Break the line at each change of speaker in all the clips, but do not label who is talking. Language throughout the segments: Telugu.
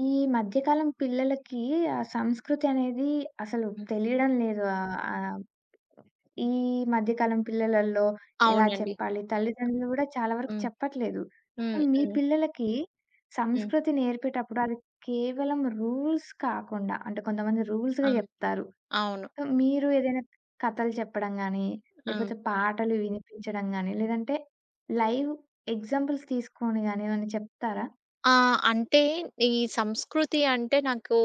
ఈ మధ్యకాలం పిల్లలకి ఆ సంస్కృతి అనేది అసలు
హ్మ్.
తెలియడం లేదు. ఆహ్, ఆ ఈ మధ్యకాలం పిల్లలల్లో ఎలా
అవునండి.
చెప్పాలి? తల్లిదండ్రులు కూడా చాలా వరకు
హ్మ్.
చెప్పట్లేదు. సో,
హ్మ్.
మీ
హ్మ్.
పిల్లలకి
హ్మ్.
సంస్కృతి నేర్పేటప్పుడు అది కేవలం రూల్స్ కాకుండా, అంటే కొంతమంది
ఆ!
రూల్స్‌గా చెప్తారు.
అవును.
సో, మీరు ఏదైనా కథలు చెప్పడం గాని,
ఆ!
లేపోతే పాటలు వినిపించడం గాని, లేదంటే లైవ్ ఎగ్జాంపుల్స్ తీసుకొని గాని ఏమైనా చెప్తారా?
ఆ! అంటే ఈ సంస్కృతి అంటే నాకు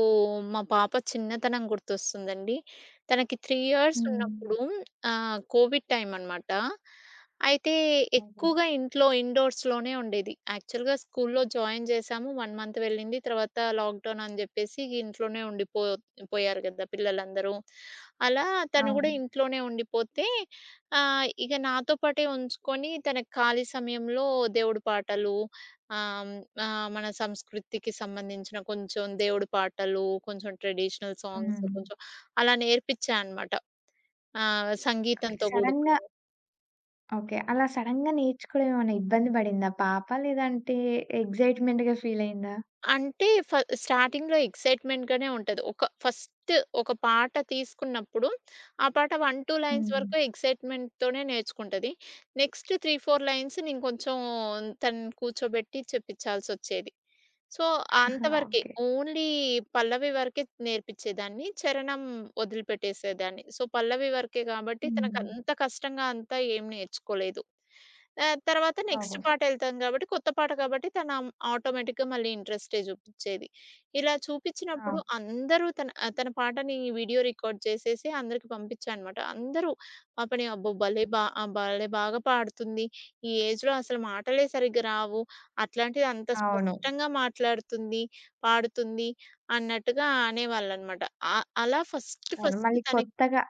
మా పాప చిన్నతనం గుర్తొస్తుందండి. తనకి 3 ఇయర్స్
హ్మ్.
ఉన్నప్పుడు ఆహ్, కోవిడ్ టైమన్నమాట. అయితే,
ఓహో!
ఎక్కువగా ఇంట్లో ఇండోర్స్‌లోనే ఉండేది. యాక్చువల్‌గా స్కూల్లో జాయిన్ జేశాము. 1 మంత్ వెళ్ళింది. తర్వాత లాక్‌డౌనని చెప్పేసి ఇంట్లోనే ఉండిపో పోయారు కదా! పిల్లలందరూ. అలా తను కూడా
అవును.
ఇంట్లోనే ఉండిపోతే ఆహ్, ఇక నాతోపాటే ఉంచుకొని, తన ఖాళీ సమయంలో దేవుడి పాటలు ఆహ్, ఆహ్, మన సంస్కృతికి సంబంధించిన కొంచెం దేవుడి పాటలు, కొంచెం ట్రెడిషనల్ సాంగ్స్,
హ్మ్.
కొంచెం అలా నేర్పిచ్చా అన్నమాట. ఆహ్,
ఓకె
సంగీతంతో
సడన్‌గా
కూడుకున్నవి.
ఓకే. అలా సడెన్‌గా నేర్చుకోవడం ఏమన్నా ఇబ్బంది పడిందా పాప? లేదంటే ఎక్సైట్‌మెంట్‌గా ఫీల్ అయిందా?
అంటే ఫ్ స్టార్టింగ్‌లో ఎక్సైట్‌మెంట్‌గానే ఉంటది. ఒక ఫస్ట్ ఒక పాట తీసుకున్నప్పుడు, ఆ పాట 1, 2 లైన్స్
హ్మ్.
వరకు ఎక్సైట్‌మెంట్‌తోనే నేర్చుకుంటది. నెక్స్ట్ 3, 4 లైన్స్ నేను కొంచెం తనను కూర్చోబెట్టి చెప్పించాల్సొచ్చేది. సో, అంతవరకే.
ఓకే.
ఓన్లీ పల్లవి వరకే నేర్పించేదాన్ని. చరణం ఒదిలిపెట్టేసేదాన్ని. సో, పల్లవి వరకే కాబట్టి
హ్మ్.
తనకంత కష్టంగా అంతా ఏం నేర్చుకోలేదు. ఆహ్, తర్వాత నెక్స్ట్
ఓహో!
పాటెళ్తాం కాబట్టి కొత్త పాట కాబట్టి తనం ఆటోమేటిక్‌గా మళ్ళీ ఇంట్రెస్టే చూపించేది. ఇలా
ఆ!
చూపించినప్పుడు అందరూ తన ఆహ్, తన పాటని వీడియో రికార్డ్ చేసేసి అందరికి పంపించా అనమాట! అందరూ పాపని, "అబ్బో! భలే బా ఆహ్, భలే బాగా పాడుతుంది! ఈ ఏజ్‌లో అసలు మాటలే సరిగ్గా రావు. అట్లాంటిది అంత
అవును.
స్పష్టంగా మాట్లాడుతుంది, పాడుతుంది" అన్నట్టుగా అనేవాళ్ళనమాట. ఆహ్, అలా ఫస్ట్
అవును
ఫస్ట్
మళ్ళీ
తనకి
కొత్తగా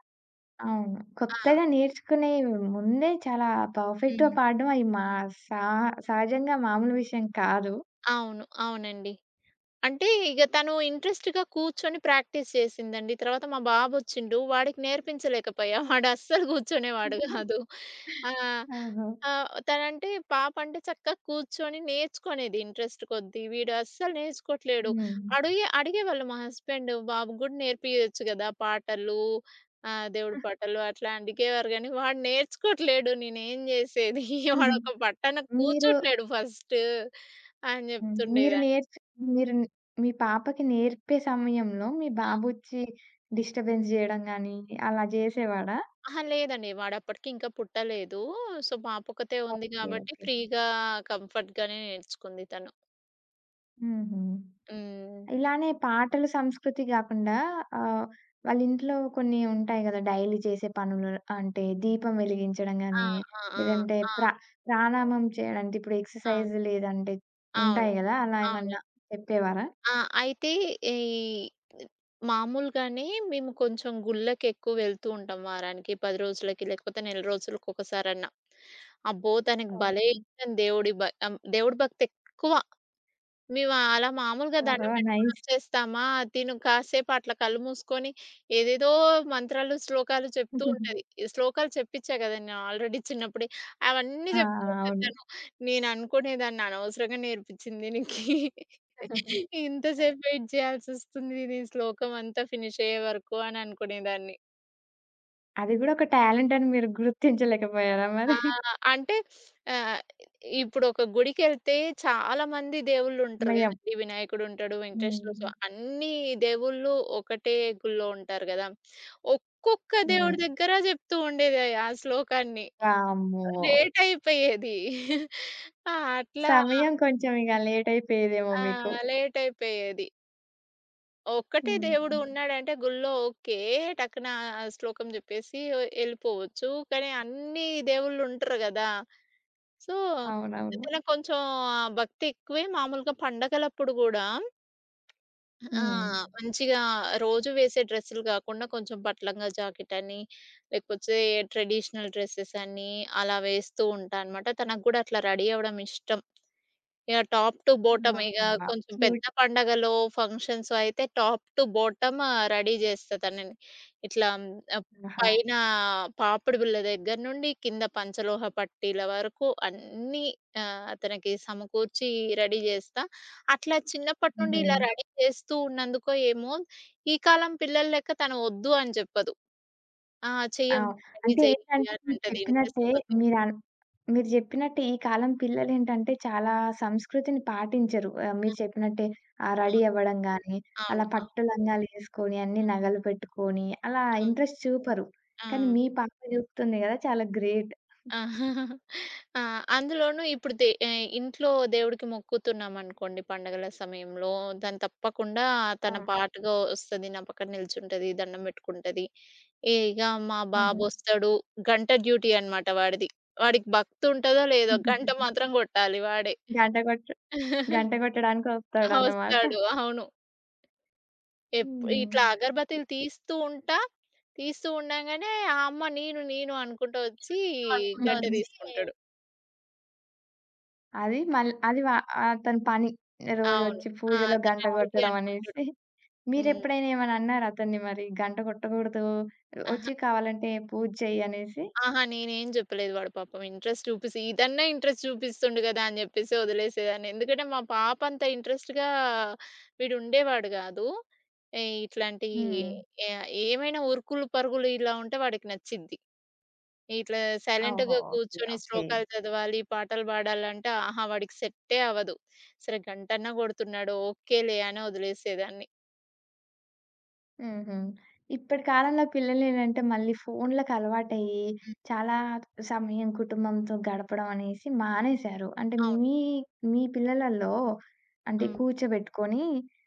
అవును
ఆ!
కొత్తగా నేర్చుకునే ముందే చాలా పర్ఫెక్ట్‌గా
హ్మ్.
పాడడం అయి మా సా సహజంగా మామూలు విషయం కాదు.
అవును, అవునండి. అంటే ఇగ తను ఇంట్రెస్ట్‌గా కూర్చొని ప్రాక్టీస్ చేసిందండి. తర్వాత మా బాబొచ్చిండు. వాడికి నేర్పించలేకపోయా. వాడస్సలు కూర్చునేవాడు కాదు. ఆ!
ఓహో!
ఆహ్, తనంటే పాప అంటే చక్కగా కూర్చొని నేర్చుకునేది ఇంట్రెస్ట్ కొద్ది. వీడస్సలు నేర్చుకోవట్లేదు.
హ్మ్.
అడిగే అడిగేవాళ్ళు మా హస్బెండు, "బాబు గూడా నేర్పియొచ్చు కదా పాటలు ఆహ్, దేవుడి
ఆహ్
పాటలు" అట్లా అడిగేవారు కానీ, వాడు నేర్చుకోవట్లేదు. నేనేం చేసేది?
హుహు.
వాడొక పట్టన
మీరు
కూర్చోట్లేదు ఫస్టు అని
హ్మ్. మీరు
చెప్తుండేదాన్ని.
నేర్చు మీరు మీ పాపకి నేర్పే సమయంలో మీ
ఆ!
బాబొచ్చి డిస్టర్బెన్స్ చేయడం గాని అలా చేసేవాడా?
అహా! లేదండి వాడప్పటికింకా పుట్టలేదు. సో, పాపొక్కతే ఉంది
ఓకే.
కాబట్టి
ఓకే.
ఫ్రీగా కంఫర్ట్‌గానే నేర్చుకుంది తను.
హుహు.
హ్మ్.
ఇలానే పాటలు సంస్కృతి కాకుండా ఆహ్, వాళ్ళింట్లో కొన్ని ఉంటాయి గదా! డైలీ చేసే పనులు అంటే, దీపం వెలిగించడం
ఆ!
గాని,
ఆ!
లేదంటే
ఆ! ఆ!
ప్ర ప్రాణాయామం చేయడం అంటే ఇప్పుడు
ఆ!
ఎక్సర్సైజ్ లేదంటే
అవును,
ఉంటాయి గదా! అలా
అవునండి.
ఏమన్నా చెప్పేవారా?
ఆ! అయితే ఈ మాములుగానే మేము కొంచెం గుళ్ళకెక్కువ వెళ్తుంటాం. వారానికి, 10 రోజులకి, లేకపోతే నెల రోజులకి ఒకసారన్నా. అబ్బో! తనకు భలే
ఓకె.
ఇష్టం దేవుడి భ ఆహ్, దేవుడి భక్తెక్కువ. మేము అలా మాములుగా
ఆహా!
దండం పెట్టుకొని
నైస్.
వచ్చేస్తామా, తిను కాసేపు అట్లా కళ్ళు మూసుకొని ఏదేదో మంత్రాలు, శ్లోకాలు చెప్తుంటది, శ్లోకాలు చెప్పించా కదా నేను ఆల్రేడీ చిన్నప్పుడే అవన్నీ
ఆ!
చెప్తూ
ఆ!
ఉంటది.
అవును.
తను నేను అనుకునే దాన్ని అనవసరంగా నేర్పించింది దీనికి,
హ్మ్.
ఇంత సేపు వెయిట్ చేయాల్సొస్తుంది దీని శ్లోకం అంతా ఫినిష్ అయ్యేవరకు అనే అనుకునేదాన్ని.
అది కూడా ఒక టాలెంటని మీరు గుర్తించలేకపోయారా మరి?
ఆ! అంటే ఆహ్, ఇప్పుడు ఒక గుడికేళ్తే చాలామంది దేవుళ్ళుంటరు
మెయ్యం
కదండీ! వినాయకుడు ఉంటాడు, వెంకటేస్వర
హ్మ్.
స్వా అన్నీ దేవుళ్ళు ఒకటే గుళ్ళో ఉంటారు గదా! ఒక్కొక్క
హ్మ్.
దేవుడి దగ్గర చెప్తూ ఉండేది ఆ శ్లోకాన్ని.
వామ్మో!
లేటయిపోయేది. ఆ! అట్లా
సమయం కొంచెం ఇగ లేటయిపోయేదేమో
ఆ!
మీకు?
లేటయిపోయేది. ఒక్కటే
హ్మ్.
దేవుడు
హ్మ్.
ఉన్నాడంటే గుళ్ళో ఓకే! టక్కున ఆ ఆ శ్లోకం జెప్పేసి ఒ ఎళ్ళిపోవచ్చు. కానీ, అన్ని దేవుళ్ళు ఉంటరు గదా! సో,
అవునవును.
ఇతనకి కొంచెం ఆ భక్తి ఎక్కువే. మామూలుగా పండగలప్పుడు గూడా ఆ!
హ్మ్.
మంచిగా రోజు వేసే డ్రెస్సులు గాకుండా, కొంచెం పట్టు లంగా, జాకెట్ అని, లేకపోతే ట్రెడిషనల్ డ్రెసెస్ అని అలా వేస్తూ ఉంటా అనమాట. తనకి గూడా అట్లా రెడీ అవ్వడం ఇష్టం. యాహ్! టాప్ టు బోటం
ఆ!
ఇగ
అబ్బా!
కొంచెం పెద్ద
క్యూట్.
పండగలో, ఫంక్షన్స్ అయితే, టాప్ టు బోటం ఆ! రెడీ జేస్తా తనని. ఇట్లా ఆహ్, అప్
ఆహా!
పైన పాపిడి బిళ్ళ దగ్గర నుండి, కింద పంచలోహ పట్టీల వరకు అన్నీ ఆహ్, తనికి సమకూర్చి రెడీ జేస్తా. అట్లా చిన్నప్పటి నుండి ఇలా
హుహు.
రెడీ జేస్తూ ఉన్నందుకో ఏమో, ఈ కాలం పిల్లలెక్క తను ఒద్దు అని జెప్పదు. "ఆ
ఆ!
చెయ్యమ్మంటది రెడీ
అంటే
జెయ్యి,"
ఏంటంటే,
అని
మీరు
అంటది ఇంటరెస్ట్
చెప్పినట్టే
కొద్ది.
మీరు ఆన్ మీరు జెప్పినట్టే, ఈ కాలం పిల్లలేంటంటే చాలా సంస్కృతిని పాటించరు. ఆహ్, మీరు
ఆ!
చెప్పినట్టే. ఆహ్,
ఆ!
రెడీ అవ్వడం గాని, అలా
అవును. అవును.
పట్టు లంగాలేసుకొని, అన్ని
ఆ!
నగలు పెట్టుకొని అలా
ఆ!
ఇంట్రెస్ట్ చూపరు. కానీ,
ఆ!
మీ పాప చూపుతుంది కదా చాలా గ్రేట్.
ఆ! అందులోనూ ఇప్పుడు దే ఆహ్, ఇంట్లో దేవుడికి మొక్కుతున్నామనుకోండి పండుగల సమయంలో, దాన్ని తప్పకుండా తన
ఆ!
పాటగా ఒస్తది నా పక్కన నిల్చుంటది, దండం పెట్టుకుంటది. ఇగ మా
హుహు.
బాబొస్తాడు, గంట డ్యూటీ అనమాట వాడిది. వాడికి భక్తి ఉంటదో లేదో, గంట మాత్రం కొట్టాలి వాడే.
గంట కోట్ గంట
ఆ!
కొట్టడానికొస్తాడన్నమాట.
ఒస్తాడు. అవును. ఎప్ ఇట్లా
హుహు.
అగర్బత్తిలు తీస్తూ ఉంటా, తీస్తూ ఉండగానే ఆహ్, అమ్మ, "నేను, నేను" అనుకుంటూ ఒచ్చి గంట
హుహు.
తీసుకుంటడు.
అది మళ్ అది ఆహ్, వ అతని పని. రోజు
అవును.
వచ్చి
ఆ!
పూజలో
తన
గంట
డ్యూటీ
కొట్టడం అనేసి.
అనుకుంటడు. హ్మ్.
మీరెప్పుడైనా ఏమైనా అన్నారా అతన్ని మరి గంట కొట్టకూడదు,
ఆహ!
వచ్చి కావాలంటే పూజ చెయ్యి అనేసి?
ఆహా! నేనేం జేప్పలేదు. వాడు పాపం ఇంట్రెస్ట్ చూపిసి ఇదన్నా ఇంట్రెస్ట్ చూపిస్తుండు గదా! అని జెప్పేసి వదిలేసేదాన్ని. ఎందుకంటే మా పాప అంత ఇంట్రెస్ట్‌గా వీడు ఉండేవాడు గాదు. ఏయ్ ఇట్లాంటియి
హ్మ్.
ఎ ఏమైనా ఉరుకులు పరుగులు ఇలా ఉంటే వాడికి నచ్చిది. ఇట్లా
ఓహో!
సైలెంట్‌గా
ఓకే,
కూర్చొని
ఓకే.
శ్లోకాలు చదవాలి, పాటలు బాడాలంటే ఆహా! వాడికి సె‌ట్టే అవ్వదు. సరే గంటన్నా కొడుతున్నాడు ఓకేలే అని వదిలేసేదాన్ని.
హుహు. ఇప్పటి కాలంలో పిల్లలేంటంటే మళ్ళీ ఫోన్లకి అలవాటయ్యి.
హ్మ్.
చాలా సమయం కుటుంబంతో గడపడం అనేసి మానేశారు. అంటే
అవును.
మీ మీ పిల్లలల్లో అంటే
ఆ!
కూర్చోబెట్టుకొని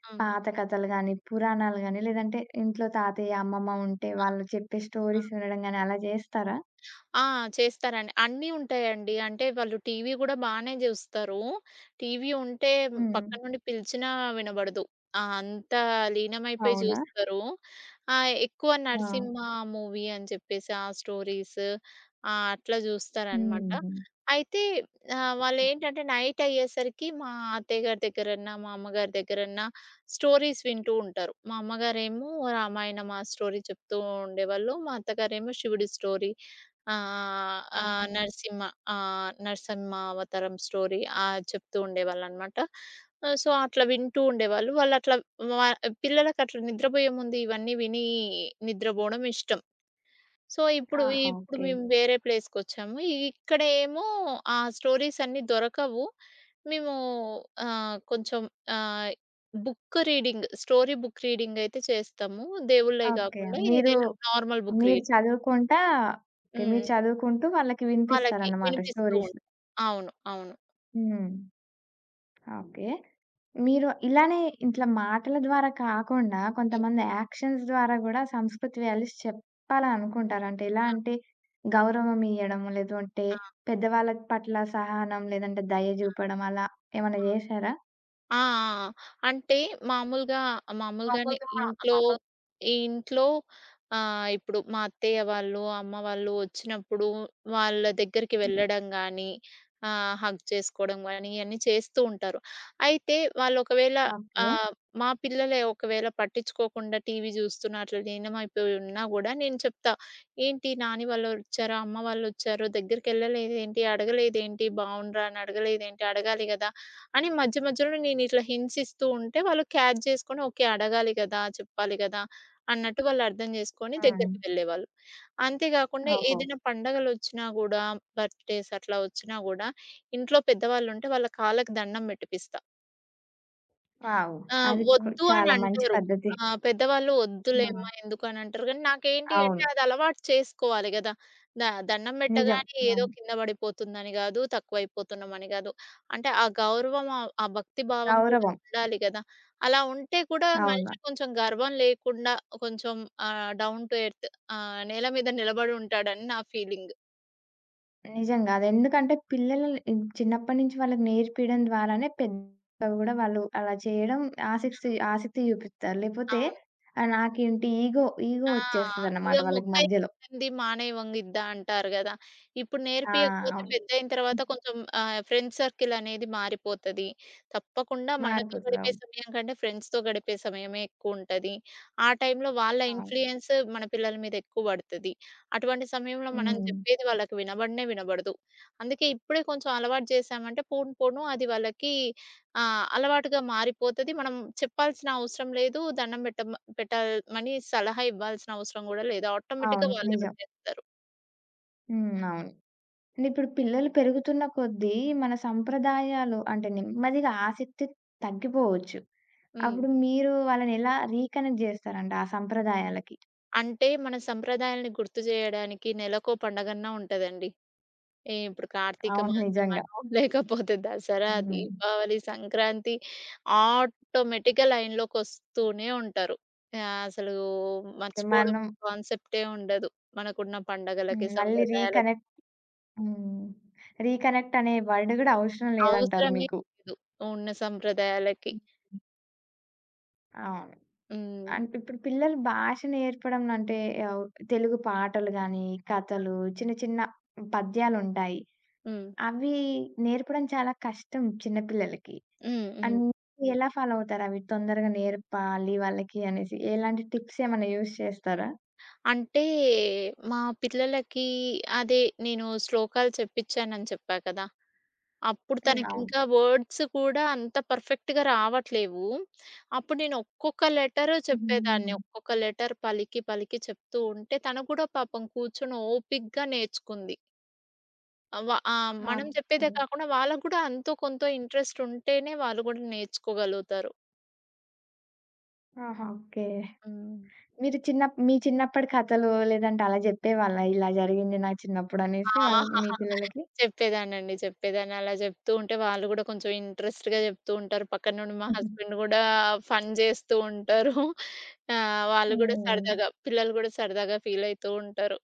ఆ!
పాత కథలు గానీ, పురాణాలు గాని, లేదంటే ఇంట్లో తాతయ్య అమ్మమ్మ ఉంటే
ఆ!
వాళ్ళు చెప్పే
ఆ!
స్టోరీస్ వినడం గాని అలా జేస్తారా?
ఆ! చేస్తారండి. అన్నీ ఉంటాయండి. అంటే వాళ్ళు టీవీ గూడా బానే జూస్తరు. టీవీ ఉంటే
హ్మ్.
పక్కనుండి పిలిచినా వినబడదు. ఆ! అంతా లీనమైపోయి
అవునా?
జూస్తారు. ఆ! ఎక్కువ
ఆ!
'నరసింహ' మూవీ అని చెప్పేసి ఆ స్టోరీస్, ఆ! అట్లా జూస్తారనమాట.
హుహు.
అయితే ఆహ్,
ఏ
వాళ్ళేంటంటే నైటయ్యేసరికి మా అత్తయ్యగారి దగ్గరన్నా, మా అమ్మగారి దగ్గరన్నా స్టోరీస్ వింటూ ఉంటారు. మా అమ్మగారేమో రామాయణం ఆ స్టోరీ చెప్తూ ఉండేవాళ్ళు. మా అత్తగారేమో శివుడి స్టోరీ. ఆహ్, ఆ
ఓహొ.
నరసింహ. ఆహ్, నరసింహ అవతారం స్టోరీ ఆహ్, చెప్తూ ఉండేవాళ్ళున్నమాట. సో అట్లా వింటూ ఉండేవాళ్ళు. వాళ్ళట్లా వ పిల్లలకి అట్లా నిద్రబోయే ముందు ఇవన్నీ విని నిద్రబోవడం ఇష్టం. సో ఇప్పుడు,
ఆహా!
ఇప్పుడు
ఓకే.
మేము వేరే ప్లేస్‌కొచ్చాము. ఇక్కడేమో ఆ స్టోరీస్ అన్నీ దొరకవు. మేము ఆహ్, కొంచెం ఆహ్, book reading, story book reading అయితే చేస్తాము. దేవుళ్ళయి
ఓకే.
గాకుండా
మీరు,
ఏదైనా నార్మల్ బుక్
మీరు
రీడింగ్.
చదువుకుంటా ఓకే. మీరు
హ్మ్.
చదువుకుంటూ వాళ్ళకి
వాళ్ళకి.
వినిపిస్తారనమాట
వినిపిస్తూ
స్టోరీసు.
ఉంటుంది. అవును. అవును.
హ్మ్. ఓకే. మీరు ఇలానే ఇట్లా మాటల ద్వారా కాకుండా
హ్మ్.
కొంతమంది యాక్షన్స్ ద్వారా గూడా సంస్కృతి వాల్యూస్ చెప్పాలనుకుంటారు. అంటే ఎలా
ఆ!
అంటే, గౌరవం ఇయడము లేదు అంటే,
ఆ!
పెద్దవాళ్ళ పట్ల సహనం, లేదంటే దయ
ఆ!
జూపడం అలా. ఏమన్నా
ఆ!
జేసారా?
ఆ! ఆ! ఆ! అంటే మామూలుగా, మామూలుగానే ఇంట్లో, ఈ ఇంట్లో ఆహ్, ఇప్పుడు మా అత్తయ్య వాళ్ళు అమ్మ వాళ్ళు వచ్చినప్పుడు వాళ్ళ దగ్గరికి
హ్మ్.
వెళ్ళడం గానీ, ఆహ్, హగ్ చేసుకోవడం గానీ ఇయన్నీ చేస్తూ ఉంటారు. అయితే వాళ్ళు ఒకవేళ
ఓకే.
ఆహ్, మా పిల్లలే ఒకవేళ పట్టించుకొకుండా టీవీ చూస్తున్నా, అట్ల లీనమైపోయి ఉన్నా గూడా నేను చెప్తా. ఏంటి? నాని వాళ్ళు వచ్చారు, అమ్మ వాళ్ళు వచ్చారు దగ్గరకేళ్ళలేదు ఏంటి? అడగలేదేంటి? బాగుండ్రా అని అడగలేదేంటి? అడగాలి గదా! అని మధ్యమధ్యలోనే నేను ఇట్లా హింట్సిస్తూ ఉంటే, వాళ్ళు క్యాచ్ చేసుకొని ఓకే అడగాలి కదా! చెప్పాలి కదా! అన్నట్టు వాళ్ళు అర్థం చేసుకొని దగ్గరికి
హ్మ్.
వెళ్ళేవాళ్ళు. అంతే గాకుండా
ఓహో!
ఏదైనా పండగలొచ్చినా గూడా బర్త్‌డేస్ అట్లా వచ్చినా గూడా ఇంట్లో పెద్దవాళ్ళు ఉంటే వాళ్ళ కాళ్ళకి దండం పెట్టిపిస్తా.
వావ్!
ఆ!
అది కూడా
వద్దు అని
చాలా మంచి
అంటారు.
పద్ధతి.
ఆహ్, పెద్దవాళ్ళు వద్దులేమ్మా
ఆ!
ఎందుకు అని అంటారు కానీ. నాకేంటి అంటే
అవును.
అది అలవాటు చేసుకోవాలి కదా! ద దండం
నిజం.
పెట్టగానే ఏదో
అవును.
కింద పడిపోతుందని కాదు, తక్కువైపోతున్నామని కాదు. అంటే ఆ గౌరవం, ఆహ్, ఆ భక్తి భావం కూడా
గౌరవం.
ఉండాలి కదా! అలా ఉంటే కూడా
అవునా!
మనిషికి కొంచెం గర్వం లేకుండా, కొంచెం ఆహ్, డౌన్ టు ఎర్త్, ఆహ్, నేల మీద నిలబడుంటాడని నా ఫీలింగ్.
నిజంగా! అది ఎందుకంటే పిల్లలని చిన్నప్పటినుంచి వాళ్ళకి నేర్పియడం ద్వారానే పెద్ద కూడా వాళ్ళు అలా చేయడం ఆసక్తి,
ఆ!
ఆసక్తి చూపిత్తారు. లేపోతే
అవును.
ఆ నాకేంటి! ఈగో, ఈగో
ఆ! ఇగ
వచ్చేస్తదన్నమాట వాళ్ళకి
"మొక్కై
మధ్యలో.
వంగనిది మానై వంగిద్దా," అంటారు కదా! ఇప్పుడు
ఆ!
నేర్పియకపోతే
అవును.
పెద్దయిన తరువాత
హ్మ్.
కొంచెం ఆహ్, ఫ్రెండ్స్ సర్కిల్ అనేది మారిపోతది. తప్పకుండా మనతో
మారిపోతది.
గడిపే
అవును.
సమయం కంటే ఫ్రెండ్స్‌తో గడిపే సమయమే ఎక్కువుంటది. ఆ టైమ్‌లో వాళ్ళ
అవును.
ఇన్‌ఫ్లుయన్స్ మన పిల్లల మీద ఎక్కువ పడుతది. అటువంటి సమయంలో మనం
హ్మ్.
చెప్పేది వాళ్ళకి వినబడనే వినబడదు. అందుకే ఇప్పుడే కొంచెం అలవాటు చేశామంటే పోను పోను అది వాళ్ళకి ఆ! అలవాటుగా మారిపోతది. మనం చెప్పాల్సిన అవసరం లేదు. దండం పెట్టమ్మ పెట్టమని సలహా ఇవ్వాల్సిన అవసరం కూడా లేదు. ఆటోమేటిక్‌గా
అవును.
వాళ్ళే
నిజం.
పెట్టేస్తారు.
హ్మ్. అవును. అంటే ఇప్పుడు పిల్లలు పెరుగుతున్న కొద్దీ మన సంప్రదాయాలు అంటే నెమ్మదిగా ఆసక్తి తగ్గిపోవచ్చు.
హ్మ్.
అప్పుడు మీరు వాళ్ళని ఎలా రీ కనెక్ట్ జేస్తారు అంటే ఆ సంప్రదాయాలకి?
అంటే మన సంప్రదాయాల్ని గుర్తు జేయడానికి నెలకో పండగన్నా ఉంటదండి. అంటే ఇప్పుడు ఏ కార్తీక
అవును. నిజంగా!
మాసమనో, లేకపోతే దసరా,
హ్మ్.
దీపావళి, సంక్రాంతి, ఆటోమేటిక్‌గా లైన్‌లోకి వస్తూనే ఉంటారు. ఆహ్, అసలు
ఇక
మర్చిపోవడం
మనం
కాన్సెప్టే ఉండదు మనకున్న పండగలకి,
హ్మ్. మళ్ళీ రీ
సంప్రదాయాలకి.
కనెక్ట్. హ్మ్. రీ కనెక్ట్ అనే వర్డ్ కూడా అవసరం లేదంటారు
అవసరమే
మీకు?
లేదు ఉన్న సంప్రదాయాలకి.
అవును.
హ్మ్.
అం ఇప్పుడు పిల్లలు భాష నేర్పడం అంటే అవు తెలుగు పాటలు గాని,
ఆ!
కథలు, చిన్న చిన్న పద్యాలుంటాయి.
హ్మ్.
అవి నేర్పడం చాలా కష్టం చిన్న పిల్లలకి.
హ్మ్. హ్మ్.
అన్నీ ఎలా ఫాలో అవుతారవి తొందరగా నేర్పాలి వాళ్ళకి అనేసి? ఎలాంటి టిప్స్ ఏమన్నా యూస్ చేస్తారా?
అంటే మా పిల్లలకి అదే నేను శ్లోకాలు చెప్పిచ్చానని చెప్పా కదా! అప్పుడు
హ్మ్. అవును.
తనకింకా వర్డ్స్ కూడా అంత పర్ఫెక్ట్‌గా రావట్లేవు. అప్పుడు నేను ఒక్కొక్క లెటరు
హ్మ్.
చెప్పేదాన్ని.
హ్మ్.
ఒక్కొక్క లెటర్ పలికి పలికి చెప్తూ ఉంటే తను కూడా పాపం కూర్చొని ఓపిగ్గా నేర్చుకుంది. అవా ఆ!
ఆ!
మనం చెప్పేదే
ఓకే.
గాకుండా, వాళ్ళకూడా అంతో కొంత ఇన్‌ట్రెస్ట్ ఉంటేనే వాళ్ళు గూడా నేర్చుకోగలుగుతారు.
ఆహా! ఓకే.
హ్మ్.
మీరు చిన్నప్ మీ చిన్నప్పటి కథలు, లేదంటే అలా జెప్పేవాళ్ళా ఇలా జరిగింది నా
ఆ!
చిన్నప్పుడనేసి వాళ్ మీ పిల్లలకి?
చెప్పేదాన్నండి. చెప్పేదాన్ని. అలా జెప్తూ ఉంటే వాళ్ళు గూడా కొంచెం ఇన్‌ట్రెస్ట్‌గా జెప్తూ ఉంటారు. పక్కనుండి మా
హుహు.
హస్బెండ్ గూడా ఫన్ జేస్తూ ఉంటారు. ఆహ్, వాళ్ళు కూడా
హ్మ్.
సరదాగా, పిల్లలు గూడా సరదాగా ఫీలయితూ ఉంటారు.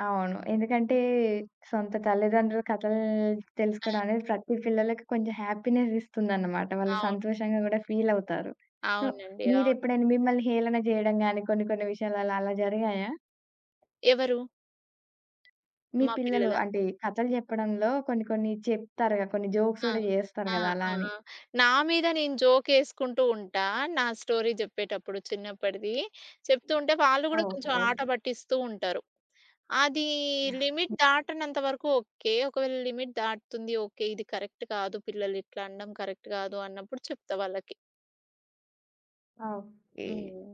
అవును. ఎందుకంటే సొంత తల్లిదండ్రుల కథలు
ఆ!
తెలుసుకోవడమనేది ప్రతి పిల్లలకి కొంచెం హ్యాపీనెస్ ఇస్తుందన్నమాట. వాళ్ళు
అవును.
సంతోషంగా గూడా ఫీలవుతారు. సో
అవునండి. అవును.
మీరేప్పుడైనా మిమ్మల్ని హేళన జేయడం గాని, కొన్ని కొన్ని విషయాలలో అలా జరిగాయా?
ఎవరు?
మీ
మా
పిల్లలు
పిల్లలా?
అంటే కథలు జెప్పడంలో కొన్ని కొన్ని చెప్తారు గదా! కొన్ని జోక్స్
ఆ!
గూడా జేస్తారు
ఆ!
కదా! అలా
ఆ!
అని.
ఆ! నా మీద నేను జోక్ యేసుకుంటుంటా. నా స్టోరీ జెప్పేటప్పుడు చిన్నప్పటిది. చెప్తూ ఉంటే వాళ్ళు గూడా కొంచెం
ఓహో!
ఆటపట్టిస్తూ ఉంటరు. అది
యాహ్!
లిమిట్ దాటనంత వరకు ఓకే. ఒకవేళ లిమిట్ దాటుతుంది, ఓకే. ఇది కరెక్ట్ కాదు, పిల్లలు ఇట్లనడం కరెక్ట్ గాదు అన్నప్పుడు చెప్తా వాళ్ళకి.
ఓకే.
హ్మ్.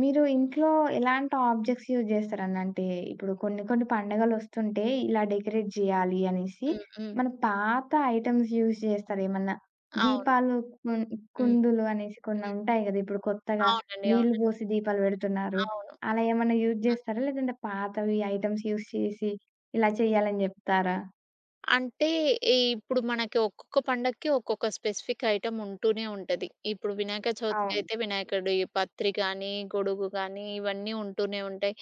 మీరు ఇంట్లో ఎలాంటి ఆబ్జెక్ట్స్ యూజ్ చేస్తరండి? అంటే, ఇప్పుడు కొన్ని కొన్ని పండగలొస్తుంటే ఇలా డెకరేట్ జేయాలి అనేసి,
హ్మ్, హ్మ్.
మన పాత ఐటమ్స్ యూజ్ జేస్తారేమన్నా?
అవును.
దీపాలు కుంద్
హ్మ్.
కుందులు అనేసి కొన్ని ఉంటాయి గదా! ఇప్పుడు కొత్తగా
అవునండి.
నీళ్ళు
అవునండి.
పోసి దీపాలు పెడుతున్నారు.
అవును.
అలా ఏమన్నా యూజ్
ఆహా!
జేస్తరా? లేదంటే పాతవి ఐటమ్స్ యూజ్ చేసి, ఇలా చేయాలని జెప్తారా?
అంటే ఈ ఇప్పుడు మనకి ఒక్కొక్క పండక్కి ఒక్కొక్క స్పెసిఫిక్ ఐటమ్ ఉంటూనే ఉంటది. ఇప్పుడు వినాయక
అవును.
చవితికయితే వినాయకుడి పత్రి గానీ, గొడుగు గానీ ఇవన్నీ ఉంటూనే ఉంటాయి.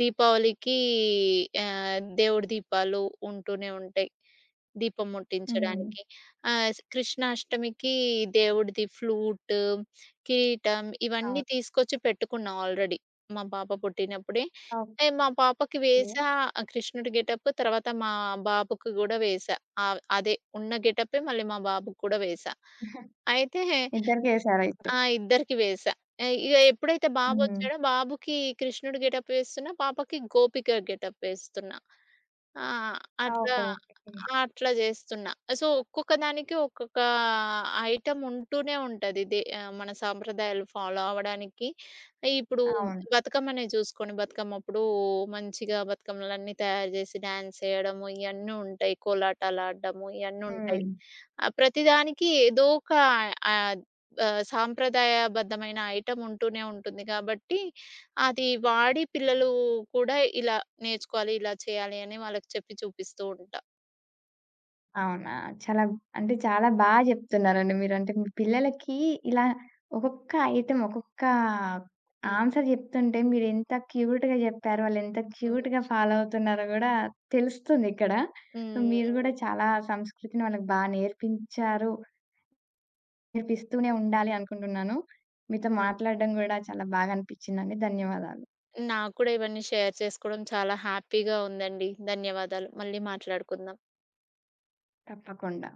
దీపావళికి ఆహ్, దేవుడి దీపాలు ఉంటూనే ఉంటాయి. దీపం
హ్మ్.
ముట్టించడానికి. ఆహ్, స్ కృష్ణాష్టమికి దేవుడిది ఫ్లూటు, కిరీటం,
అవును.
ఇవన్నీ తీసుకొచ్చి పెట్టుకున్నా ఆల్రెడీ మా పాప పుట్టినప్పుడే. అంటే
ఓకే.
మా పాపకి వేశా ఆ కృష్ణుడి గెటప్. తర్వాత మా బాబుకి గూడా వేశా. అవ్ ఆహ్, అదే ఉన్న గెటపే మళ్ళీ మా బాబుకి గూడా వేశా. అయితే
ఇద్దరికేశారయితే?
ఆ! ఇద్దరికీ వేశా. ఆ! ఇగ ఎప్పుడైతే
హ్మ్.
బాబొచ్చాడో, బాబుకి కృష్ణుడు గెటప్ వేస్తున్నా. పాపకి గోపిక గెటప్ వేస్తున్నా. ఆహ్, అట్లా
ఓహో! ఓకే.
అట్లా జేస్తున్నా. సో, ఒక్కొక్క దానికి ఒక్కొక్క ఐటమ్ ఉంటూనే ఉంటది. దే మన సాంప్రదాయాలు ఫాలో అవ్వడానికి. ఇప్పుడు
అవును.
బతుకమ్మనే చూసుకొండి. బతుకమ్మప్పుడు మంచిగా బతుకమ్మలన్నీ తయారు జేసి డ్యాన్స్ చేయడము ఇయన్నీ ఉంటాయి. కోలాటాలు ఆడడము ఇయన్నీ ఉంటాయి.
హ్మ్.
ఆహ్, ప్రతిదానికి ఏదో ఒక ఆహ్, ఆహ్, సాంప్రదాయబద్ధమైన ఐటమ్ ఉంటూనే ఉంటుంది గాబట్టి, అది వాడి పిల్లలు కూడా ఇలా నేర్చుకోవాలి, ఇలా చేయాలి, అని వాళ్ళకి చెప్పి చూపిస్తూ ఉంటా.
అవునా? చాలా అంటే చాలా బా జెప్తున్నారండి మీరు. అంటే మీ పిల్లలకి ఇలా ఒక్కొక్క ఐటమ్ ఒక్కొక్క
హ్మ్.
ఆన్స‌ర్ జెప్తుంటే మీరెంత క్యూట్‌గా జెప్పారో? వాళ్ళు ఎంత
హ్మ్.
క్యూట్‌గా ఫాలో అవుతున్నారో గూడా తెలుస్తుందిక్కడ. మీరు కూడా
హుహు.
చాలా సంస్కృతిని వాళ్ళకి బా నేర్పించారు. నేర్పిస్తూనే ఉండాలి అనుకుంటున్నాను. మీతో
హ్మ్.
మాట్లాడడం గూడా చాలా బాగా అనిపిచ్చిందండి. ధన్యవాదాలు.
నాకు కూడా ఇవన్నీ షేర్ చేసుకోవడం చాలా హ్యాపీగా ఉందండి. ధన్యవాదాలు. మళ్ళీ మాట్లాడుకుందాం.
తప్పకుండా.